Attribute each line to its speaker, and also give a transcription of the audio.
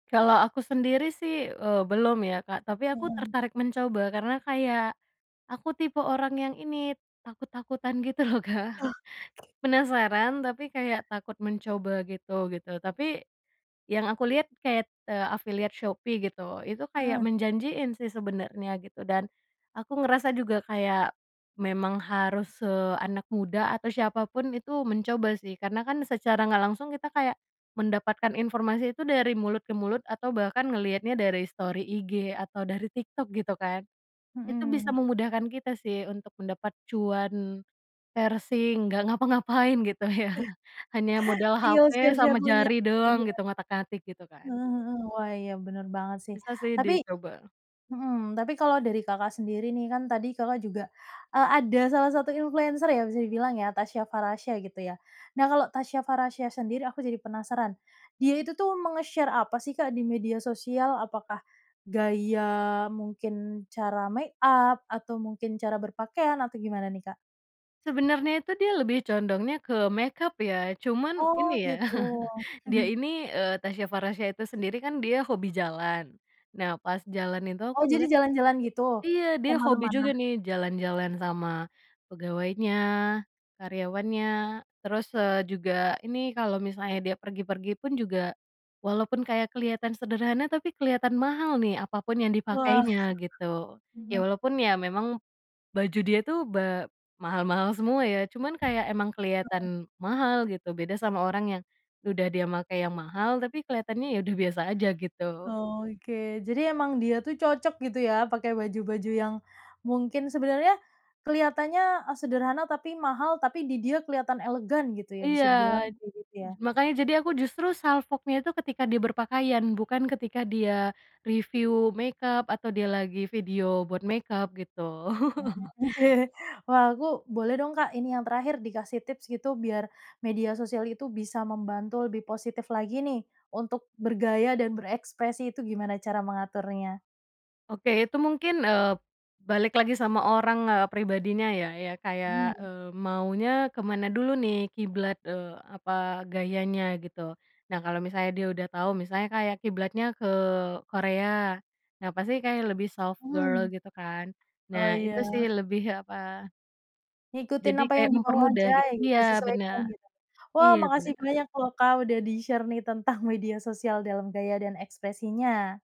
Speaker 1: Kalau aku sendiri sih, eee, belum ya, Kak. Tapi aku
Speaker 2: Heeh.
Speaker 1: tertarik mencoba. Karena kayak, aku tipe orang yang ini, takut-takutan gitu loh, Kak.
Speaker 2: Oh.
Speaker 1: Penasaran, tapi kayak takut mencoba gitu, gitu. Tapi, yang aku liat kayak, eee, affiliate Shopee, gitu. Itu kayak
Speaker 2: Heeh.
Speaker 1: menjanjiin sih sebenernya gitu dan aku ngerasa juga kayak, memang harus se anak muda, atau siapa pun itu mencoba sih. Karena kan secara nggak langsung kita kayak, mendapatkan informasi itu dari mulut ke mulut, atau bahkan ngeliatnya dari story IG atau dari TikTok, gitu kan. Itu bisa
Speaker 2: Mhm.
Speaker 1: memudahkan kita sih, untuk mendapat cuan parsing, nggak ngapa-ngapain, gitu ya. Hanya modal
Speaker 2: Tinggal
Speaker 1: HP
Speaker 2: share-share
Speaker 1: sama
Speaker 2: link-nya
Speaker 1: jari
Speaker 2: aja,
Speaker 1: doang
Speaker 2: iya.
Speaker 1: gitu, ngotak-ngatik gitu kan.
Speaker 2: Heeh heeh. Wah, iya bener banget sih
Speaker 1: Bisa sih
Speaker 2: tapi
Speaker 1: dicoba.
Speaker 2: mhm, tapi kalau dari Kakak sendiri nih. Kan tadi Kakak juga, eee, ada salah satu influencer ya bisa dibilang ya Tasya Farahsya gitu ya. Nah, kalau Tasya Farahsya sendiri aku jadi penasaran, dia itu tuh menge-share apa sih Kak di media sosial? Apakah gaya mungkin cara make up, atau mungkin cara berpakaian, atau gimana nih Kak?
Speaker 1: Sebenarnya itu dia lebih condongnya ke makeup ya. Cuman,
Speaker 2: Oh,
Speaker 1: ini ya,
Speaker 2: gitu.
Speaker 1: dia ini eee, Tasya Farahsya itu sendiri kan dia hobi jalan. Nah, pas jalan itu aku
Speaker 2: Oh, jadi
Speaker 1: ngeliat tuh
Speaker 2: jalan-jalan gitu?
Speaker 1: iya, dia hobi
Speaker 2: Kemana-mana?
Speaker 1: juga nih jalan-jalan sama pegawainya, karyawannya. Terus, eee, juga ini kalau misalnya dia pergi-pergi pun juga, walaupun kayak kelihatan sederhana tapi kelihatan mahal nih apa pun yang
Speaker 2: Wah,
Speaker 1: dipakainya, gitu. Ya
Speaker 2: mhm.
Speaker 1: walaupun ya memang baju dia tuh ba mahal-mahal semua ya. Cuman kayak emang
Speaker 2: Heeh.
Speaker 1: keliatan mahal, gitu. Beda sama orang yang udah dia make yang mahal tapi keliatannya ya udah biasa aja gitu.
Speaker 2: Oke, jadi emang dia tuh cocok gitu ya pakai baju-baju yang mungkin sebenarnya kelihatannya sederhana tapi mahal. Tapi di dia kelihatan elegan gitu ya,
Speaker 1: Iya,
Speaker 2: bisa dibilang kayak gitu ya.
Speaker 1: makanya jadi aku justru salfoknya itu ketika dia berpakaian, bukan ketika dia review makeup atau dia lagi video buat makeup gitu.
Speaker 2: Mhm, oke. Wah, aku boleh dong, Kak ini yang terakhir dikasih tips gitu biar media sosial itu bisa membantu lebih positif lagi nih untuk bergaya dan berekspresi itu gimana cara mengaturnya?
Speaker 1: Oke, itu mungkin, eee, balik lagi sama orang, eee, pribadinya ya. Ya kayak,
Speaker 2: Hmm.
Speaker 1: eee, maunya ke mana dulu nih, kiblat eee, apa, gayanya gitu. Nah, kalau misalnya dia udah tahu, misalnya kayak kiblatnya ke Korea. Ya pasti kayaknya lebih soft girl,
Speaker 2: Mhm.
Speaker 1: gitu kan.
Speaker 2: Oh,
Speaker 1: Nah,
Speaker 2: ya.
Speaker 1: itu sih lebih apa
Speaker 2: Ngikutin
Speaker 1: Jadi
Speaker 2: apa yang
Speaker 1: kayak
Speaker 2: di mau
Speaker 1: mempermudah,
Speaker 2: aja
Speaker 1: git
Speaker 2: gitu,
Speaker 1: iya,
Speaker 2: disesuaikan
Speaker 1: bener.
Speaker 2: gitu. Wah,
Speaker 1: Iya,
Speaker 2: makasih
Speaker 1: bener.
Speaker 2: banyak loh Kak udah di-share nih tentang media sosial dalam gaya dan ekspresinya.